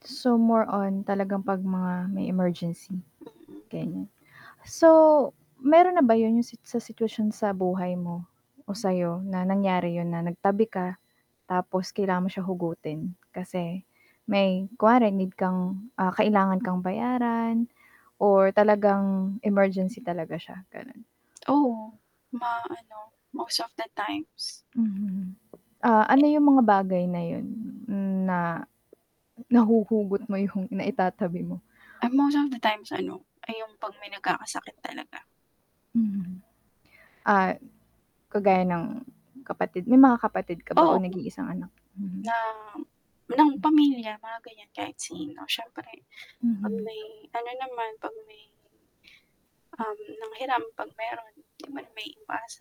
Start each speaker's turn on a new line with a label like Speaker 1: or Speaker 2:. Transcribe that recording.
Speaker 1: So, more on talagang 'pag mga may emergency,
Speaker 2: Mm.
Speaker 1: ganyan. So, meron na ba yun yung sit sa sitwasyon sa buhay mo o sa'yo na nangyari yun na nagtabi ka tapos kailangan mo siya hugutin kasi may kunwari need kang, ah, kailangan kang bayaran or talagang emergency talaga siya, gano'n.
Speaker 2: Oo, ma ano, most of the times.
Speaker 1: Mhm. Ah, ano
Speaker 2: [unintelligible]
Speaker 1: yung mga bagay na yun na nahuhugot mo yung naitatabi mo?
Speaker 2: Ah, most of the times ano, ay yung 'pag may nagkakasakit talaga.
Speaker 1: Mhm. Ah, kagaya ng kapatid may mga kapatid ka ba
Speaker 2: Oo.
Speaker 1: o nag-iisang anak, mhm.
Speaker 2: Na ng
Speaker 1: Hmm.
Speaker 2: pamilya mga ganyan kahit sino siyempre 'pag
Speaker 1: Mhm.
Speaker 2: may ano naman, 'pag may um, nanghiram 'pag meron, di mo naman maiiwasan.